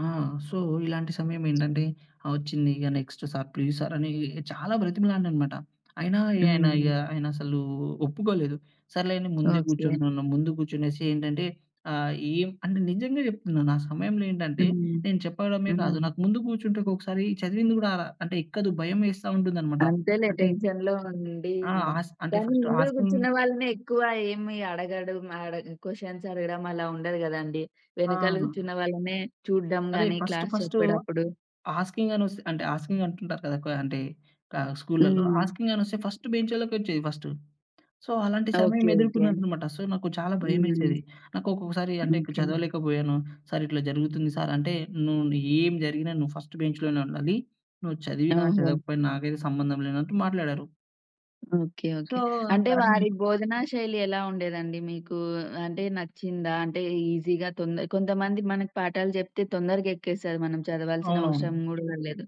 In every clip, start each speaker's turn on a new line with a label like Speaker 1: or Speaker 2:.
Speaker 1: ఆ! సో, ఇలాంటి సమయం ఏంటంటే, ఆ! ఒచ్చింది. ఇగ నెక్స్ట్ సార్, ప్లీజ్ సార్, అని చాలా బ్రతిమిలాడిననమాట. అయినా ఇగ ఆయన, ఇగ
Speaker 2: హ్మ్.
Speaker 1: ఆయన అసలు ఒప్పుకోలేదు. సర్లే అని ముందే
Speaker 2: ఓకే.
Speaker 1: గూర్చో‌నున్నాను. ముందు గూర్చునేసి ఏంటంటే ఆహ్, ఏం అంటే నిజంగా జెప్తున్నాను. ఆ సమయంలో ఏంటంటే
Speaker 2: హ్మ్.
Speaker 1: నేను చెప్పడమే
Speaker 2: హ్మ్.
Speaker 1: కాదు. నాకు ముందు గూర్చుంటే ఒక్కొక్కసారి చదివింది గూడా అంటే ఎక్కదు. భయం ఎస్తా ఉంటుందనమాట.
Speaker 2: అంతేలే.
Speaker 1: అంటే
Speaker 2: టెన్షన్‌లో ఉండి.
Speaker 1: ఆ!
Speaker 2: అవును.
Speaker 1: ఆస్ అంటే,
Speaker 2: కానీ
Speaker 1: ఫస్ట్
Speaker 2: ముందు
Speaker 1: ఆస్కింగ్
Speaker 2: గూర్చున్న వాళ్ళనే ఎక్కువ ఏమి అడగడుం అడగ క్వెషన్స్ అడగడం అలా ఉండదు గదండీ!
Speaker 1: ఆ!
Speaker 2: వెనకాల కూర్చున్న వాళ్ళనే చూడ్డం
Speaker 1: అదే
Speaker 2: గాని,
Speaker 1: ఫస్టు,
Speaker 2: క్లాస్
Speaker 1: ఫస్టు
Speaker 2: చెప్పేడప్పుడు.
Speaker 1: ఆస్కింగ్ అని ఒస్తే అంటే, ఆస్కింగ్ అంటుంటారు కదా! ఎక్కువ అంటే ఆహ్, స్కూల్లల్లో.
Speaker 2: హ్మ్.
Speaker 1: ఆస్కింగ్ అని ఒస్తే ఫస్ట్ బెం‌చోళ్ళకొచ్చేది ఫస్ట్. సో, అలాంటి సమయం
Speaker 2: ఓకే. ఓకే.
Speaker 1: ఎదురుకున్నాననమాట. సో నాకు చాలా
Speaker 2: హ్మ్.
Speaker 1: భయమేసేది. నాకు ఒక్కొక్కసారి అంటే, ఇప్పుడు
Speaker 2: ఓకే.
Speaker 1: చదవలేకపోయాను. సార్ ఇట్లా జరుగుతుంది సార్ అంటే, "నువ్వు నీ ఏం జరిగినా నువ్వు ఫస్ట్ బెంచ్‌లోనే ఉండాలి. నువ్వు చదివినా,
Speaker 2: ఓహో!
Speaker 1: చదవకపోయినా, నాకైతే సంబంధం లేనట్టు" మాట్లాడారు.
Speaker 2: ఓకే.
Speaker 1: So,
Speaker 2: okay. అంటే
Speaker 1: దారుణం
Speaker 2: వారి బోధనా శైలి ఎలా ఉండేదండి మీకు? అంటే, నచ్చిందా? అంటే ఈజీగా తొంద కొంతమంది మనకు పాఠాలు జెప్తే తొందరగా ఎక్కేస్తది. మనం చదవాల్సిన
Speaker 1: అవునవును.
Speaker 2: అవసరం గూడా లేదు.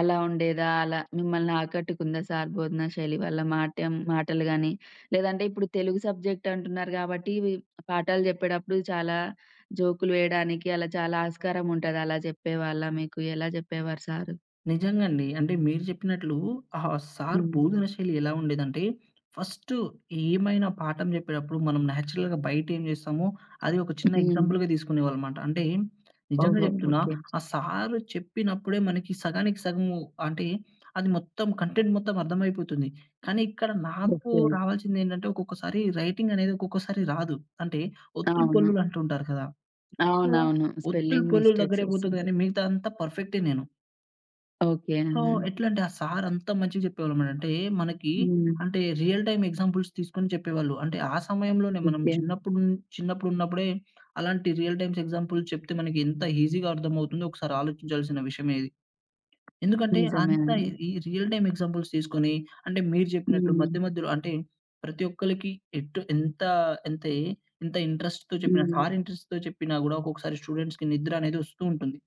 Speaker 2: అలా ఉండేదా? అలా మిమ్మల్ని ఆకట్టుకుందా సార్ భోధనా శైలి? వాళ్ళ మాటెం మాటలు గానీ, లేదంటే ఇప్పుడు తెలుగు సబ్జెక్ట్ అంటున్నారు గాబట్టి, ఇవి పాఠాలు జెప్పేటప్పుడు చాలా జోకులు వేయడానికి అలా చాలా ఆస్కారం ఉంటది. అలా జెప్పేవాళ్ళ మీకు? ఎలా జెప్పేవారు సార్?
Speaker 1: నిజంగా అండి. అంటే మీరు జెప్పినట్లు ఆ సార్
Speaker 2: హ్మ్.
Speaker 1: భోధనశైలి ఎలా ఉండేదంటే, ఫస్టు ఏమైనా పాఠం జెప్పేటప్పుడు మనం నేచురల్‌గా బయట ఏం జేస్తామో, అది ఒక చిన్న
Speaker 2: హ్మ్.
Speaker 1: ఎగ్జాంపుల్‌గా తీసుకునేవాళ్ళు మాట. అంటే, నిజంగా
Speaker 2: ఓహో!
Speaker 1: జెప్తున్నా.
Speaker 2: ఓకే.
Speaker 1: ఆ సార్ చెప్పినప్పుడే మనకి సగానికి సగము అంటే అది మొత్తం కంటెంట్ మొత్తం అర్థమైపోతుంది. కానీ, ఇక్కడ నాకు
Speaker 2: ఓకే.
Speaker 1: రావాల్సిందేంటంటే, ఒక్కొక్కసారి రైటింగ్ అనేది ఒక్కొక్కసారి రాదు. అంటే ఒత్తులు,
Speaker 2: అవును.
Speaker 1: పొల్లులు అంటూ ఉంటారు కదా! సో,
Speaker 2: అవునవును.
Speaker 1: ఒత్తులు,
Speaker 2: స్పెల్లింగ్
Speaker 1: పొల్లులు
Speaker 2: మిస్టేక్స్
Speaker 1: దగ్గరే పోతది
Speaker 2: ఒస్తుంటయి.
Speaker 1: గానీ, మిగతాదంతా పర్ఫెక్టే నేను.
Speaker 2: ఓకే.
Speaker 1: సో,
Speaker 2: హ్మ్.
Speaker 1: ఎట్లంటే, ఆ సార్ అంత మంచిగా జెప్పేవాళ్ళు అనమాట. అంటే, మనకి
Speaker 2: హ్మ్.
Speaker 1: అంటే రియల్ టైమ్ ఎగ్జాంపుల్స్ తీసుకొని చెప్పేవాళ్ళు. అంటే, ఆ సమయంలోనే మనం
Speaker 2: ఓకే.
Speaker 1: చిన్నప్పుడు చిన్నప్పుడు ఉన్నప్పుడే అలాంటి రియల్ టైమ్స్ ఎగ్జాంపుల్స్ చెప్తే మనకి ఎంత ఈజీ‌గా అర్థమవుతుందో ఒకసారి ఆలోచించాల్సిన విషయమే ఇది. ఎందుకంటే, అంత
Speaker 2: నిజమేండి.
Speaker 1: ఈ రియల్ టైమ్ ఎగ్జాంపుల్స్ తీసుకొని అంటే, మీరు జెప్పినట్లు
Speaker 2: హ్మ్.
Speaker 1: మధ్య, మధ్యలో అంటే ప్రతి ఒక్కళ్ళకి ఎటు ఎంత ఎంతయి ఎంత ఇంట్రెస్ట్‌తో చెప్పినా,
Speaker 2: హ్మ్.
Speaker 1: సార్ ఇంట్రెస్ట్‌తో చెప్పినా గూడా, ఒక్కొక్కసారి స్టూడెంట్స్‌కి నిద్ర అనేది ఒస్తూ ఉంటుంది.